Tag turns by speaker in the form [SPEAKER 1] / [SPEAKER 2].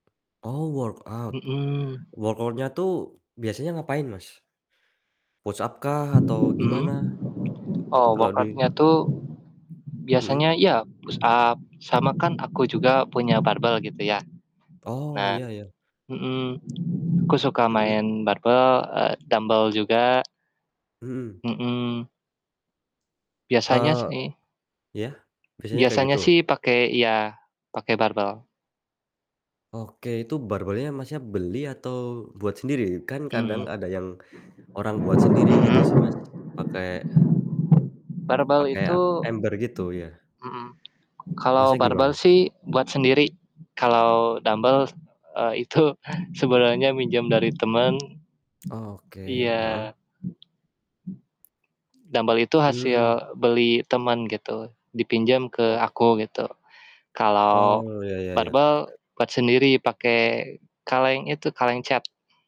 [SPEAKER 1] Oh workout.
[SPEAKER 2] Mhm.
[SPEAKER 1] Workout-nya tuh biasanya ngapain, Mas? Push-up kah atau
[SPEAKER 2] Mhm.
[SPEAKER 1] gimana?
[SPEAKER 2] Oh
[SPEAKER 1] Kalo di
[SPEAKER 2] workout-nya tuh
[SPEAKER 1] Mhm?
[SPEAKER 2] biasanya ya push-up, sama kan aku juga punya barbel gitu ya.
[SPEAKER 1] Oh
[SPEAKER 2] Nah
[SPEAKER 1] iya iya.
[SPEAKER 2] mhm. Aku suka
[SPEAKER 1] Mhm.
[SPEAKER 2] main barbel, eee, dumbel juga.
[SPEAKER 1] Mhm.
[SPEAKER 2] Mhm. Biasanya
[SPEAKER 1] Eee,
[SPEAKER 2] sih
[SPEAKER 1] iya? Biasanya kayak
[SPEAKER 2] biasanya
[SPEAKER 1] gitu?
[SPEAKER 2] sih pakai iya, pakai barbel.
[SPEAKER 1] Oke, itu barbelnya Masnya, beli atau buat sendiri? Kan kadang
[SPEAKER 2] Mhm.
[SPEAKER 1] ada yang orang buat sendiri gitu
[SPEAKER 2] Mmm.
[SPEAKER 1] sih Mas, pake
[SPEAKER 2] Barbel
[SPEAKER 1] pake,
[SPEAKER 2] itu
[SPEAKER 1] apa, ember gitu, iya.
[SPEAKER 2] mhm. Kalau
[SPEAKER 1] Masnya, gimana?
[SPEAKER 2] barbel sih buat sendiri, kalau dumbel s e itu sebenarnya minjem dari teman
[SPEAKER 1] Oke, heeh.
[SPEAKER 2] iya. Dumbel itu
[SPEAKER 1] Mmm.
[SPEAKER 2] hasil beli teman gitu, dipinjam ke
[SPEAKER 1] Oh.
[SPEAKER 2] aku gitu.
[SPEAKER 1] Oh,
[SPEAKER 2] Kalau
[SPEAKER 1] iya iya iya.
[SPEAKER 2] barbel buat sendiri pakai kaleng itu, kaleng cat.